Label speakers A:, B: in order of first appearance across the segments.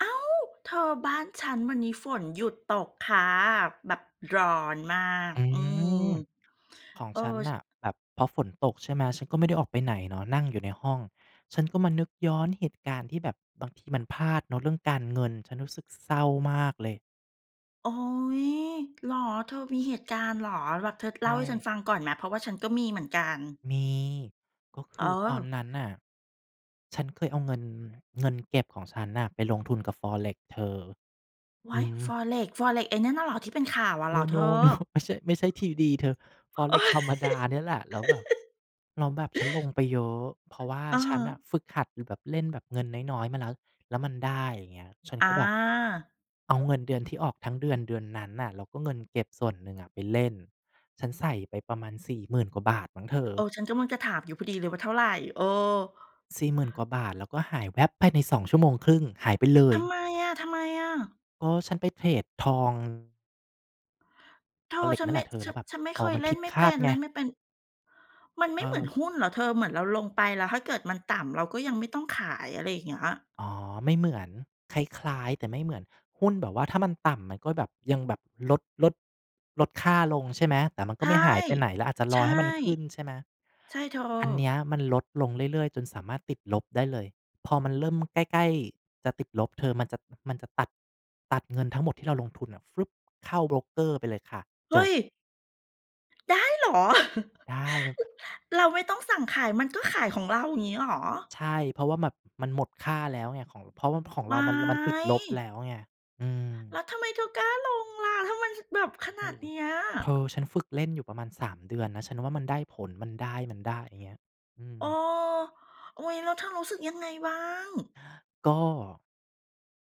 A: อ้าว เธอบ้านฉันวันนี้ฝนหยุดตกคะ แบบร้อนมาก
B: อื
A: อืม
B: ม ของ
A: เออ
B: ฉันน
A: ช
B: ่ะแบบพอฝนตก ใช่ไหม ฉันก็ไม่ได้ออกไปไหนเนาะ นั่งอยู่ในห้อง ฉันก็มานึกย้อนเหตุการณ์ ที่แบบบางทีมันพลาดเนาะเรื่องการเงิน ฉันรู้สึกเศร้ามากเลย
A: โอ๊ย เหรอ? เธอมีเหตุการณ์เหรอ? แบบเธอ
B: ใ
A: เ
B: ช
A: ล่าให้ฉัน
B: ่
A: ฟังก่อนไหม? เพราะว่าฉันก็มีเหมือนกัน
B: มี ก็ค
A: เ
B: ือตอน
A: ออ
B: นั้นน่ะ ฉันเคยเอาเงิน เงินเก็บของฉันน่ะ ไปลงทุนกับ Forex เธอ
A: ว
B: อื
A: ๊าย
B: ม
A: Forex Forex ไอ้นั่นน่ะเหรอ ที่เป็นข่าวอะเห
B: โ
A: รอเธ
B: น
A: อ?
B: ๆ โน ไม่ใช่ ไม่ใช่ 3D เธอ
A: โอ๊
B: Forex
A: ย
B: ธรรมดาเนี่ยแหละ แล้วแบบ แล้วแบบฉันลงไปเยอะ เพราะว่า
A: อะ
B: ฉ
A: ฮ
B: ันน่ะ
A: ะ
B: ฝึกหัดอยู่แบบ เล่นแบบ เงินน้อย ๆ มาแล้ว แล้วมันได้อย่างนี้ ฉันก็แบบ
A: อา
B: เอาเงินเดือนที่ออกทั้งเดือน เดือนนั้นน่ะ แล้วก็เงินเก็บส่วนหนึ่งอะไปเล่น ฉันใส่ไปประมาณ 40,000 กว่าบาทมั้งเธอ
A: เออ ฉันกำลังจะถามอยู่พอดีเลยว่าเท่าไร? เออ
B: 40,000 กว่าบาท แล้วก็หายแว๊บภายใน 2.5 ชั่วโมง หายไปเล
A: ท
B: ย
A: ำไมอะ ทำไมอะ?
B: เออ ฉันไปเทรดทอง
A: เธอ
B: Forex
A: ฉัน
B: นั่
A: ไ
B: น
A: ม
B: แห
A: ่
B: ละเธอ
A: ฉ
B: แ
A: ั
B: ล้
A: น
B: วแบบ
A: ฉันไม่เ
B: อ๋
A: ค
B: อ
A: ย
B: มัน
A: เล
B: ผ
A: ่
B: ิ
A: น
B: ด
A: ไม่
B: ค
A: เป
B: า
A: ็
B: ด
A: น
B: ไ
A: เล
B: ง
A: ่นไม่เป็น มันไม
B: เ
A: ่เหมือน
B: ออ
A: หุ้นเหรอเธอ เหมือนเราลงไป แล้วถ้าเกิดมันต่ำ เราก็ยังไม่ต้องขาย อะไรอย่างเงี้ย?
B: อ๋อ ไม่เหมือน คล้าย ๆ แต่ไม่เหมือน หุ้นแบบว่าถ้ามันต่ำมันก็แบบยังแบบ ลด ลด ลดค่าลง ใช่ไหม? แต่มัน
A: ใ
B: ก
A: ช
B: ็ไ
A: ่
B: ม่หายไปไหน แล้วอาจจะ
A: ใ
B: ร
A: ช
B: อ
A: ่
B: ให้มันขึ้น ใช่ไหม?
A: ใช่เธอ
B: อันเนี้ยมันลดลงเรื่อย ๆ จนสามารถติดลบได้เลย พอมันเริ่มใกล้ ๆ จะติดลบเธอ มันจะ มันจะตัด ตัดเงินทั้งหมดที่เราลงทุนน่ะ ฟรึ๊บ เข้าโบรกเกอร์ไปเลยค่ะ
A: เฮ
B: จ
A: ้
B: บ
A: ย ได้เหรอ?
B: ได้ แบบ
A: เราไม่ต้องสั่งขาย มันก็ขายของเรา งี้ เหรอ?
B: ใช่ เพราะว่าแบบมันหมดค่าแล้วไง ของ เพราะว่าของ
A: ว
B: เรา
A: ๊า
B: มัน มันติดลบแ
A: ย
B: ล้วไง อืม
A: แล้วทำไมเธอกล้าลงล่ะ ถ้ามันแบบขน
B: โอ
A: า
B: ้
A: ด
B: โฮ
A: เนี้ย?
B: เธอ ฉันฝึกเล่นอยู่ประมาณ 3 เดือนนะ ฉันว่ามันได้ผล มันได้ มันได้ อย่างเงี้ย อื
A: เออ
B: ม
A: โอ๊ย แล้วเธอรู้สึกยังไงบ้าง?
B: ก็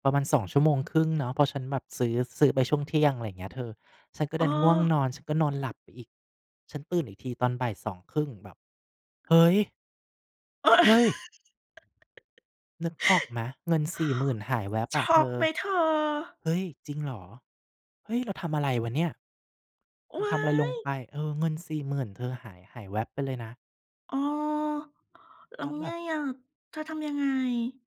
B: ประมาณ 2.5 ชั่วโมง เนาะ เพราะฉันแบบ ซื้อ ซื้อไปช่วงเที่ยง อะไรอย่างเงี้ยเธอ ฉันก็
A: เ
B: ด
A: อ
B: ันง่วง
A: อ
B: นอน ก็นอนหลับไปอีก ฉันตื่นอีกทีตอน 14:30 แบบ เฮ้ย เฮ้ย นึกออกไหม เงิน 40,000 หายแว้บ
A: ช
B: อะเ
A: ็
B: ธ
A: อก
B: อ
A: ไหมเธอ?
B: เฮ้ย จริงเหรอ? เฮ้ย เราทำอะไรวะเนี่ย เร
A: ว
B: าท
A: ้า
B: ำอะไรลง
A: ย
B: ไป เออ เงิน 40,000 เธอ หาย หายแว้บไปเลยนะ
A: เออ แล้
B: แล
A: ว
B: ้วแบ
A: ไง
B: บ
A: อะ เธอทำยังไง?